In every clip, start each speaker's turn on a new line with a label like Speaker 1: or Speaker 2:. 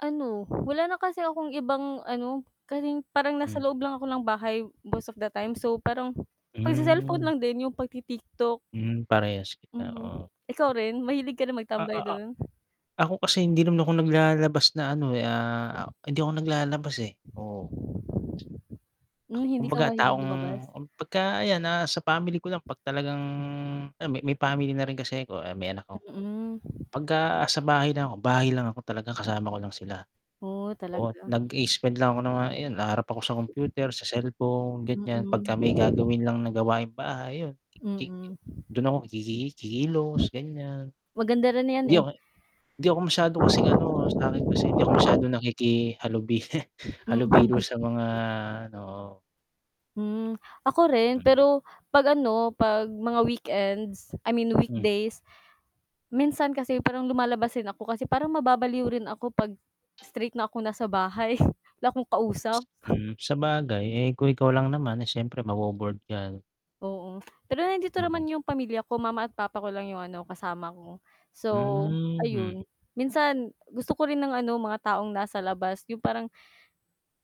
Speaker 1: Ano, wala na kasi akong ibang ano, kasi parang nasa
Speaker 2: Hmm.
Speaker 1: loob lang ako ng bahay most of the time. So, parang pagse-cellphone
Speaker 2: Hmm.
Speaker 1: lang din, yung pagti-TikTok.
Speaker 2: Hmm, parehas kita,
Speaker 1: Mhm.
Speaker 2: oo.
Speaker 1: Ikaw rin? Mahilig ka rin
Speaker 2: O,
Speaker 1: magtambay
Speaker 2: oo
Speaker 1: do'n?
Speaker 2: Ako kasi hindi naman ako naglalalabas na ano, eh, ah, a hindi ako naglalabas, eh, oh.
Speaker 1: Hmm, hindi ka
Speaker 2: Kumbaga
Speaker 1: mahilig
Speaker 2: taong
Speaker 1: lumabas?
Speaker 2: m pagka ayan, na nasa sa family ko lang 'pag talagang alam mo may family na rin kasi ako, eh, may anak ako.
Speaker 1: Mm.
Speaker 2: Pagka sa bahay lang ako, bahay lang ako talaga, kasama ko lang sila.
Speaker 1: Oh,
Speaker 2: Oh,
Speaker 1: talaga.
Speaker 2: nag-i-spend lang ako ng mga ayun, haharap ako sa computer, sa cellphone ganiyan, pagka may
Speaker 1: Mm.
Speaker 2: gagawin lang na gawaing bahay yun, kik
Speaker 1: Mm.
Speaker 2: dun ako kiki kikilos, ganiyan.
Speaker 1: Maganda rin 'yan,
Speaker 2: Hindi
Speaker 1: eh.
Speaker 2: ako hindi ako masyado kasing ano, sa'kin kasi hindi ako masyadong nakikihalubi
Speaker 1: Hmm.
Speaker 2: halubilo
Speaker 1: Mm.
Speaker 2: sa mga ano, oo.
Speaker 1: Hmm, ako rin
Speaker 2: Do'n.
Speaker 1: pero 'pag ano, 'pag mga weekends, I mean
Speaker 2: Hmm.
Speaker 1: weekdays minsan kasi parang lumalabas din ako kasi parang mababaliw rin ako 'pag straight na ako nasa bahay, wala akong kausap.
Speaker 2: Hmm, sabagay. Eh, kung ikaw lang naman, eh, siyempre mabo-bored ka.
Speaker 1: Oo. Pero nandito
Speaker 2: Mm.
Speaker 1: naman yung pamilya ko, mama at papa ko lang yung ano, kasama ko. So,
Speaker 2: Hmm, mm.
Speaker 1: ayun, minsan gusto ko rin ng ano, mga taong nasa labas. Yung parang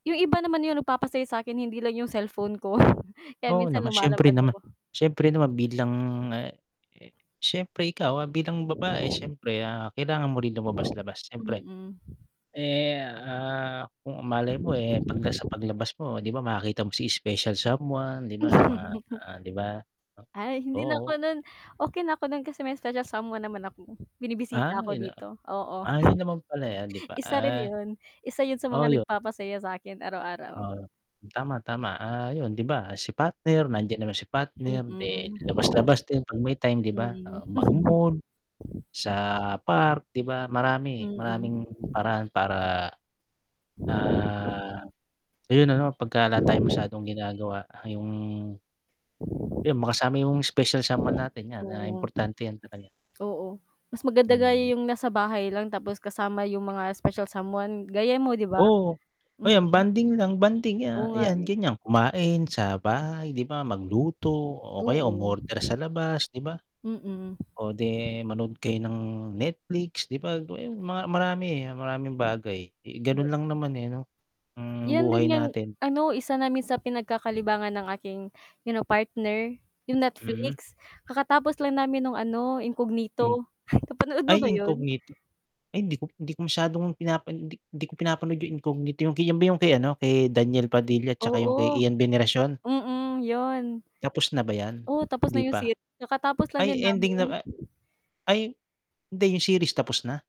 Speaker 1: yung iba naman yung nagpapasaya sa'kin, hindi lang yung cellphone ko, kaya
Speaker 2: Oo
Speaker 1: minsan
Speaker 2: naman. Siyempre
Speaker 1: lumalabas
Speaker 2: naman
Speaker 1: ako.
Speaker 2: siyempre naman bilang, ah, eh, siyempre ikaw, ah, bilang babae siyempre, ah, kailangan mo rin lumabas-labas, siyempre.
Speaker 1: Mm.
Speaker 2: Eh, ah, kung malay mo, eh, 'pagka sa paglabas mo, 'di ba, makikita mo si special someone, 'di ba yung
Speaker 1: Hmm,
Speaker 2: mga,
Speaker 1: mm.
Speaker 2: ah, 'di ba,
Speaker 1: Ay,
Speaker 2: o
Speaker 1: hindi na
Speaker 2: oo.
Speaker 1: ako nun okey na ako nun kasi may special someone naman ako, binibisita
Speaker 2: Ah,
Speaker 1: ako
Speaker 2: yun na
Speaker 1: dito. Oo,
Speaker 2: ay, yun naman pala, eh, 'di ba?
Speaker 1: isa rin
Speaker 2: Ah
Speaker 1: yun. Isa yun sa mga
Speaker 2: Oo, 'yo
Speaker 1: nagpapasaya sa'kin araw-araw.
Speaker 2: Oo, tama, tama. Ah, yun 'di ba si partner, nandiyan naman si partner,'di labas-labas din 'pag may time, 'di ba?
Speaker 1: Mm.
Speaker 2: Oh, mag-mall, sa park, 'di ba marami,
Speaker 1: Mm.
Speaker 2: maraming paraan para, ah, ayun ano, pagka wala tayong masyadong ginagawa, yung Yung makasama yung special someone natin, 'yan. Ah,
Speaker 1: Oo.
Speaker 2: importante 'yan talaga.
Speaker 1: Oo, mas maganda nga
Speaker 2: Hmm.
Speaker 1: yung nasa bahay lang, tapos kasama yung mga special someone, gaya mo, 'di ba?
Speaker 2: Oo. O, yan,
Speaker 1: Mm.
Speaker 2: bonding lang, bonding,
Speaker 1: Oo
Speaker 2: ya
Speaker 1: nga,
Speaker 2: ayan,
Speaker 1: eh.
Speaker 2: ganiyan, kumain sa bahay, 'di ba? Magluto o kaya
Speaker 1: Oo.
Speaker 2: umorder sa labas, 'di ba?
Speaker 1: Mm.
Speaker 2: O 'di manonood kayo ng Netflix, 'di ba? Mga yun, mga marami maraming bagay. Eh, ganun
Speaker 1: Oo.
Speaker 2: lang naman, eh, 'no, ang
Speaker 1: 'Yan din
Speaker 2: buhay
Speaker 1: ngang
Speaker 2: natin.
Speaker 1: ano, isa namin sa pinagkakalibangan ng aking, you know partner, yung
Speaker 2: Mhm.
Speaker 1: Netflix. Kakatapos lang namin nung ano,
Speaker 2: Hmm.
Speaker 1: Incognito. Napanood mo ba
Speaker 2: Ay,
Speaker 1: yun?
Speaker 2: incognito. Ay, hindi ko hindi ko masyadong pinapano 'di 'di ko pinapanood yung Incognito, yung kay 'yan ba yung kay ano, kay Daniel Padilla at tsaka yung kay
Speaker 1: Oo.
Speaker 2: Ian Veneracion?
Speaker 1: Mm, 'yon.
Speaker 2: Tapos na ba 'yan,
Speaker 1: Oo, tapos na
Speaker 2: 'di
Speaker 1: yung
Speaker 2: pa?
Speaker 1: sit kakatapos lang
Speaker 2: Ay,
Speaker 1: din
Speaker 2: ending
Speaker 1: namin.
Speaker 2: na, ah, ay, hindi, yung series tapos na?